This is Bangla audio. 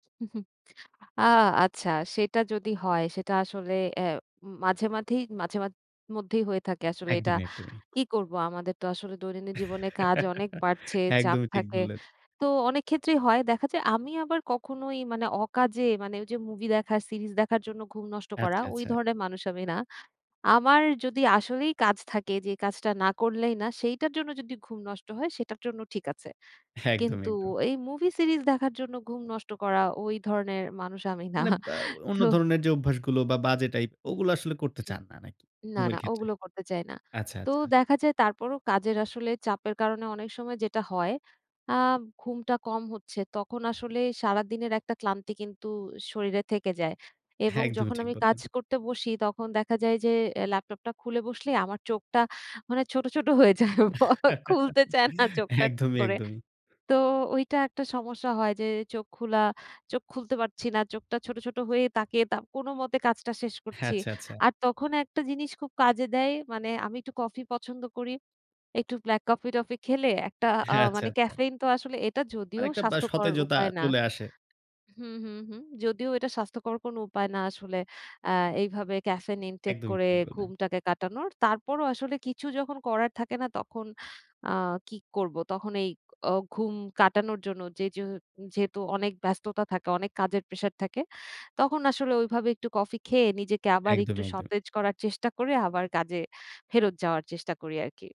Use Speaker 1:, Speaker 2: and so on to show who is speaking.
Speaker 1: হুম, হুম আ আচ্ছা, সেটা যদি হয়, সেটা আসলে অ্যা মাঝে, মাঝেই মাঝে মা মধ্যেই হয়ে থাকে আসলে এটা,
Speaker 2: একদমই, একদমই।
Speaker 1: কি করব? আমাদের তো আসলে দৈনন্দিন জীবনে কাজ অনেক বাড়ছে, চাপ
Speaker 2: একদমই ঠিক
Speaker 1: থাকে।
Speaker 2: বল্লেন।
Speaker 1: তো অনেক ক্ষেত্রেই হয়, দেখা যায় আমি আবার কখনোই মানে অকাজে মানে ওই যে, মুভি দেখার সিরিজ দেখার জন্য ঘুম নষ্ট করা,
Speaker 2: আচ্ছা,
Speaker 1: ওই
Speaker 2: আচ্ছা।
Speaker 1: ধরনের মানুষ আমি না। আমার যদি আসলেই কাজ থাকে যে কাজটা না করলেই না, সেইটার জন্য যদি ঘুম নষ্ট হয়, সেটার জন্য ঠিক আছে।
Speaker 2: একদম,
Speaker 1: কিন্তু
Speaker 2: একদম।
Speaker 1: এই মুভি সিরিজ দেখার জন্য ঘুম নষ্ট করা ওই ধরনের মানুষ আমি না।
Speaker 2: মানে অ্যা অন্য
Speaker 1: তো
Speaker 2: ধরনের যে অভ্যাসগুলো বা বাজে টাইপ, ওগুলো আসলে করতে
Speaker 1: হুম।
Speaker 2: চান না নাকি
Speaker 1: না,
Speaker 2: ঘুমের
Speaker 1: না,
Speaker 2: ক্ষেত্রে?
Speaker 1: ওগুলো করতে চাই না।
Speaker 2: আচ্ছা,
Speaker 1: তো
Speaker 2: আচ্ছা।
Speaker 1: দেখা যায় তারপরও কাজের আসলে চাপের কারণে অনেক সময় যেটা হয় আ ঘুমটা কম হচ্ছে। তখন আসলে সারাদিনের একটা ক্লান্তি কিন্তু শরীরে থেকে যায়। এবং
Speaker 2: একদমই
Speaker 1: যখন
Speaker 2: ঠিক
Speaker 1: আমি কাজ
Speaker 2: বললেন।
Speaker 1: করতে বসি তখন দেখা যায় যে, অ্যা ল্যাপটপটা খুলে বসলেই আমার চোখটা মানে ছোট, ছোট হয়ে যায়। খুলতে চায় না চোখটা ঠিক
Speaker 2: একদমই,
Speaker 1: করে।
Speaker 2: একদমই।
Speaker 1: তো ওইটা একটা সমস্যা হয় যে চোখ খোলা, চোখ খুলতে পারছি না। চোখটা ছোট, ছোট হয়ে তাকিয়ে তা কোনো মতে কাজটা শেষ
Speaker 2: হ্যাঁ,
Speaker 1: করছি।
Speaker 2: আচ্ছা, আচ্ছা।
Speaker 1: আর তখন একটা জিনিস খুব কাজে দেয়, মানে আমি একটু কফি পছন্দ করি। একটু ব্লাক কফি-টফি খেলে একটা আ
Speaker 2: হ্যাঁ, আচ্ছা,
Speaker 1: মানে
Speaker 2: আচ্ছা।
Speaker 1: ক্যাফেইন তো আসলে এটা
Speaker 2: আর
Speaker 1: যদিও
Speaker 2: একটা বা
Speaker 1: স্বাস্থ্যকর
Speaker 2: সতেজতা
Speaker 1: উপায় না
Speaker 2: চলে আসে।
Speaker 1: হুম, হুম, হুম, যদিও এটা স্বাস্থ্যকর কোনো উপায় না আসলে অ্যা এইভাবে ক্যাফেইন ইনটেক
Speaker 2: একদমই
Speaker 1: করে
Speaker 2: ঠিক বললেন।
Speaker 1: ঘুমটাকে কাটানোর। তারপরও আসলে কিছু যখন করার থাকে না তখন আ কি করব? তখন এই অ ঘুম কাটানোর জন্য জেজু যেহেতু অনেক ব্যস্ততা থাকে, অনেক কাজের প্রেশার থাকে। তখন আসলে ওইভাবে একটু কফি খেয়ে, নিজেকে আবার
Speaker 2: একদম,
Speaker 1: একটু
Speaker 2: একদম।
Speaker 1: সতেজ করার চেষ্টা করে আবার কাজে ফেরত যাওয়ার চেষ্টা করি আরকি।